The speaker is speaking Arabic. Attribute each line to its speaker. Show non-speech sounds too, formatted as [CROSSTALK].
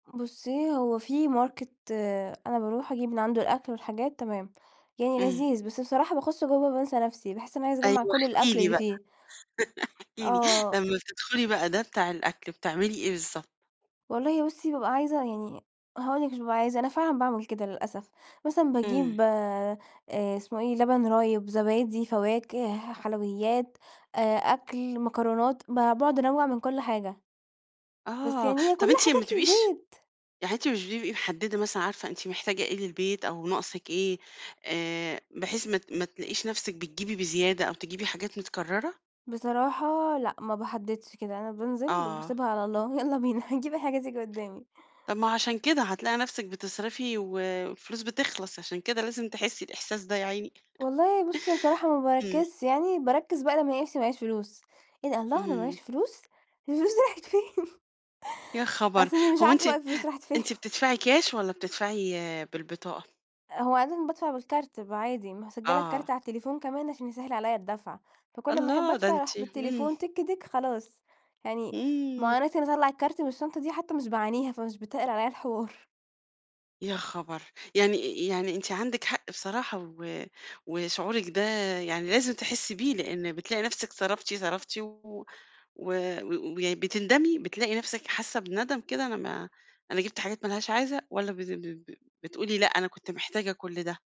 Speaker 1: بُصي هو في Market أنا باروح أجيب من عنده الأكل والحاجات تمام. يعني
Speaker 2: امم.
Speaker 1: لذيذ، بس بصراحة باخش جوا بانسى نفسي باحس أنا عايزة
Speaker 2: أيوة
Speaker 1: أجمع كل
Speaker 2: احكي
Speaker 1: الأكل
Speaker 2: لي
Speaker 1: اللي
Speaker 2: بقى
Speaker 1: فيه.
Speaker 2: [CHUCKLES] احكي لي
Speaker 1: آه.
Speaker 2: لما بتدخلي بقى ده بتاع الأكل بتعملي إيه بالضبط؟
Speaker 1: والله بُصّي، بابقى عايزة يعني هاقول لِك مش بابقى عايزة أنا فعلًا باعمل كده للأسف مثلًا
Speaker 2: امم.
Speaker 1: باجيب آآ إسمه إيه؟ لبن رايب، زبادي، فواكه، حلويات، آآ أكل، مكرونات ب باقعد أنوّع من كل حاجة. بس
Speaker 2: آه،
Speaker 1: يعني هي
Speaker 2: طب
Speaker 1: كلها
Speaker 2: أنتِ ما
Speaker 1: حاجات
Speaker 2: بتبقيش
Speaker 1: للبيت.
Speaker 2: يعني أنتِ مش بتبقي محددة مثلًا عارفة أنتِ محتاجة إيه للبيت أو ناقصِك إيه آآ بحيث ما ت ما تلاقيش نفْسِك بتجيبي بزيادة أو تجيبي حاجات متكررة؟
Speaker 1: بصراحة لأ ما باحددش كده، أنا بانزل
Speaker 2: آه.
Speaker 1: وباسيبها على الله يلّا بينا هاجيب أي حاجة تييجي قدامي.
Speaker 2: طب ما هو عشان كده هتلاقي نفْسِك بتصرفي و والفلوس بتخلص، عشان كده لازم تحسي الإحساس ده يا عيني.
Speaker 1: والله بُصّي، بصراحة ما
Speaker 2: [CHUCKLES] امم.
Speaker 1: باركّزش يعني باركّز بقى لما ألاقي نفسي معييش فلوس، إيه ده الله أنا
Speaker 2: امم.
Speaker 1: معييش فلوس! الفلوس دي راحت فين؟ [CHUCKLES]
Speaker 2: يا
Speaker 1: على
Speaker 2: خبر!
Speaker 1: أساس أني مش
Speaker 2: هو
Speaker 1: عارفة
Speaker 2: أنتِ
Speaker 1: بقى الفلوس راحت فين.
Speaker 2: أنتِ بتدفعي كاش والّا بتدفعي بالبطاقة؟
Speaker 1: هو عادةً بادفع بالكارت بيبقى عادي مسجلة الكارت
Speaker 2: آه.
Speaker 1: على التليفون كمان عشان يسهل عليا الدفع، فكل ما أحب
Speaker 2: الله ده
Speaker 1: أدفع
Speaker 2: أنتِ
Speaker 1: أروح
Speaker 2: امم.
Speaker 1: بالتليفون تيك تيك خلاص يعني ما
Speaker 2: امم.
Speaker 1: هو أنا عشان اطلّع الكارت من الشنطة دي حتى مش باعانيها فمش بتّقل عليا الحوار.
Speaker 2: يا خبر! يعني يعني أنتِ عندِك حق بصراحة و وشعورِك ده يعني لازم تحسي بيه؛ لأن بتلاقي نفسك صرفتِ صرفتِ و وي بتندمي بتلاقي نفْسِك حاسة بندم كده أنا ما أنا جبت حاجات ما لهاش عازة والّا ب ب ب بتقولي لأ أنا كنت محتاجة كل ده؟